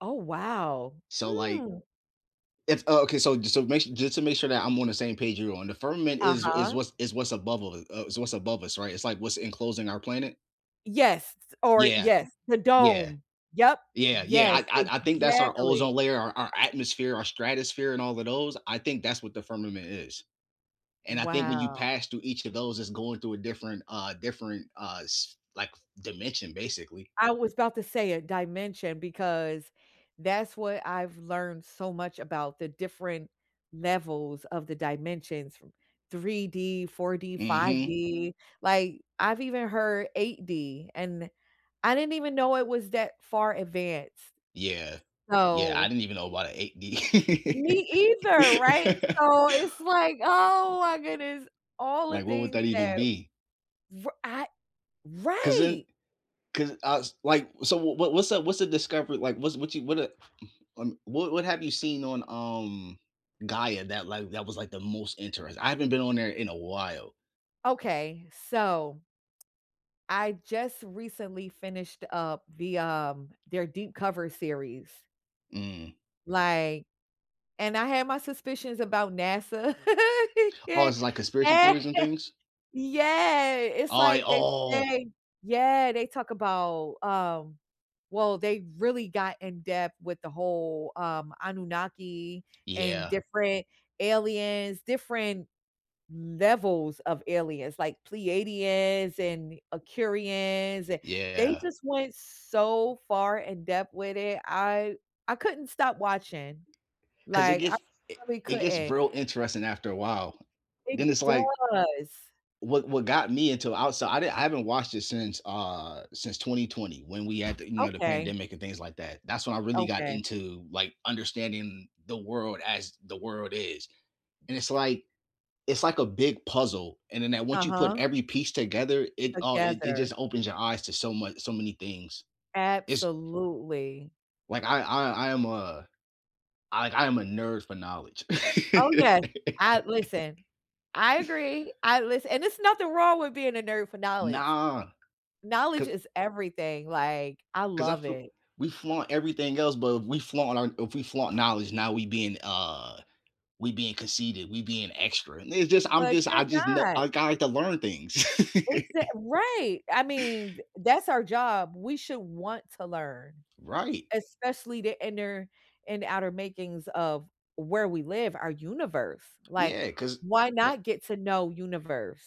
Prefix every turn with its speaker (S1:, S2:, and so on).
S1: Oh, wow.
S2: So, like
S1: Hmm.
S2: It's oh, okay, so jus so ma just to make sure that I'm on the same page you're on, the firmament is is
S1: Uh-huh.
S2: what's is what's above all the uh, is what's above us, right? It's, like, what's enclosing our planet?
S1: Yes, s or
S2: Yeah.
S1: yes, the
S2: Yeah.
S1: dome. Yep.
S2: Yeah, yeah,
S1: Yes,
S2: I I I think that's our
S1: exactly.
S2: ozone layer, our our atmosphere, our stratosphere, and all of those, I think that's what the firmament is. And I think when you
S1: Wow.
S2: pass through each of those, it's going through a different uh, a different, uh s like, f dimension, basically.
S1: I was 'bout to say, a dimension, because that's what I've learned so much about the different levels of the dimensions from three D, four D, five
S2: Mhm.
S1: D, like, I've even heard 8D, and I didn't even know it was that far advanced.
S2: Yeah. Yeah,
S1: So
S2: I didn't even know about a 8D.
S1: Me either, right? So it's, like, "Oh my goodness, all the
S2: Like, what would
S1: things
S2: that even
S1: that"
S2: be?
S1: r I
S2: 'Cause then
S1: right!
S2: 'cause I was like So, w w what's the what's the discovery like, what's what you what, uh um, what what have you seen on, um, Gaia, that, like that was, like, the most interest I haven't been on there in a while.
S1: Okay, so, I just recently finished up the, um their Deep Cover series
S2: Mm.
S1: like and I had my suspicions about NASA.
S2: Oh, it's, like, conspiracy theories and things?
S1: Yeah, it's
S2: Oh, it
S1: like, they
S2: Oh!
S1: say yeah, they talk about, um well, they really got in depth with the whole, um, Anunnaki, and
S2: Yeah.
S1: different aliens, different levels of aliens, like, Pleiadians, and Aqirians and they
S2: Yeah.
S1: just went so far in depth with it, I I couldn't stop watching.
S2: 'Cause it
S1: Like, I
S2: gets i
S1: probably
S2: it gets
S1: couldn't.
S2: real interesting after a while.
S1: It
S2: Then it's, like
S1: does.
S2: What what got me into Outside I didn't I haven't watched it since uh, since 2020, when we had the you know, the
S1: Okay.
S2: pandemic and things like that. That's when I really got
S1: Okay.
S2: into, like, understanding the world as the world is. And it's
S1: K
S2: like it's like a big puzzle, and then that once you put
S1: Uh-huh.
S2: every piece together, it, uh it it
S1: Together.
S2: just opens your eyes to so mu so many things. It's
S1: Absolutely.
S2: Like, I I I am a like, I am a nerd for knowledge.
S1: Oh, yes. I listen, I agree, I listen and there's nothing wrong with being a nerd for knowledge.
S2: Nah.
S1: Knowledge
S2: 'Cause
S1: is everything, like, I
S2: 'Cause I
S1: love
S2: feel
S1: it.
S2: we flaunt everything else, but if we flaunt our if we flaunt knowledge, now we being, uh we being conceited, we being extra, and they just I'm
S1: But
S2: just
S1: you're
S2: I just know
S1: not.
S2: I kinda have to learn things.
S1: Exact right! I mean, th that's our job, we should want to learn.
S2: Right.
S1: Especially the inner and outer makings of where we live, our universe. Like,
S2: Yeah, 'cause
S1: why
S2: Yep.
S1: not get to know universe?